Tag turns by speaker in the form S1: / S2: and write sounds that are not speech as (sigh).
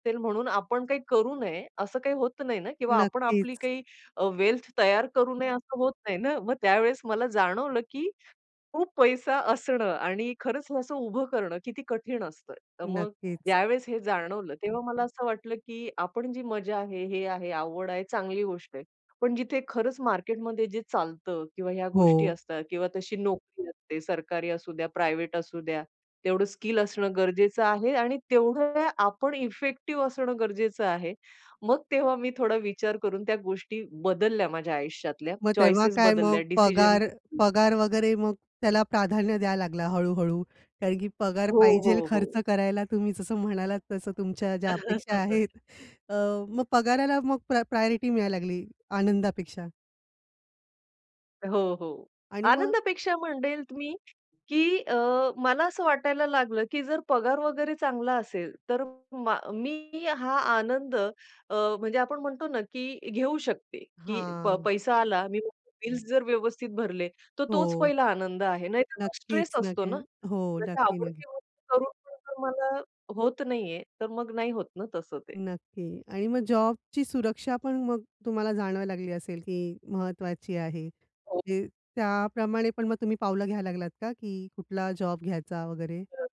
S1: ते म्हणून आपण काही करू नये, असं काही होत नाही ना किंवा आपण आपली
S2: नक्कीच.
S1: काही अ, वेल्थ तयार करू नये असं होत नाही ना. मग त्यावेळेस मला जाणवलं की खूप पैसा असणं आणि खरंच हे असं उभं करणं, किती कठीण असतं. तर मग
S2: नक्कीच.
S1: ज्यावेळेस हे जाणवलं, तेव्हा मला असं वाटलं की आपण जी मजा आहे, हे आहे, आवड आहे, चांगली गोष्ट आहे. पण जिथे खरंच मार्केटमध्ये जे चालतं किंवा ह्या गोष्टी
S2: हो.
S1: असतात किंवा तशी नोकरी असते, सरकारी असुद्या प्रायव्हेट असू द्या. तेवढं स्किल असणं गरजेचं आहे आणि तेवढं आपण इफेक्टिव्ह असणं गरजेचं आहे. मग तेव्हा मी थोडा विचार करून त्या गोष्टी बदलल्या माझ्या आयुष्यातल्या,
S2: मग तेव्हा
S1: चॉईसेस
S2: काय
S1: बदलल्या
S2: मग
S1: डिसिजन
S2: पगार पगार वगैरे मग त्याला प्राधान्य द्यायला लागला हळू-हळू कारण की पगार
S1: हो,
S2: पाहिजेल
S1: हो,
S2: खर्च
S1: हो.
S2: करायला तुम्ही जसं म्हणालात तसं तुमच्या ज्या अपेक्षा आहेत.
S1: (chuckles)
S2: अ, मग पगाराला मग प्रा प्रायोरिटी मिळायला लागली आनंदापेक्षा.
S1: हो, हो.
S2: आणि मग
S1: आनंदापेक्षा म्हणेल मी की अ, मला असं वाटायला लागलं की जर पगार वगैरे चांगला असेल, तर मा मी हा आनंद अ, म्हणजे आपण म्हणतो ना की घेऊ शकते की प
S2: हां.
S1: पैसा आला. मी बिल्स जर व्यवस्थित भरले, तर
S2: हो.
S1: तोच पहिला आनंद आहे. नाहीतर तो स्ट्रेस
S2: नक्कीच,
S1: असतो
S2: नक्की.
S1: ना.
S2: हो
S1: म्हणजे
S2: नक्की, नक्की.
S1: आवडती गोष्ट करून पण तुम्हाला होत नाहीये, तर मग नाही होत ना तसं ते.
S2: नक्की. आणि मग जॉबची सुरक्षा पण मग तुम्हाला जाणवायला लागली असेल की महत्वाची आहे.
S1: हो.
S2: ते त्याप्रमाणे पण मग तुम्ही पावलं घ्यायला लागलात का की कुठला जॉब घ्यायचा वगैरे?
S1: तर.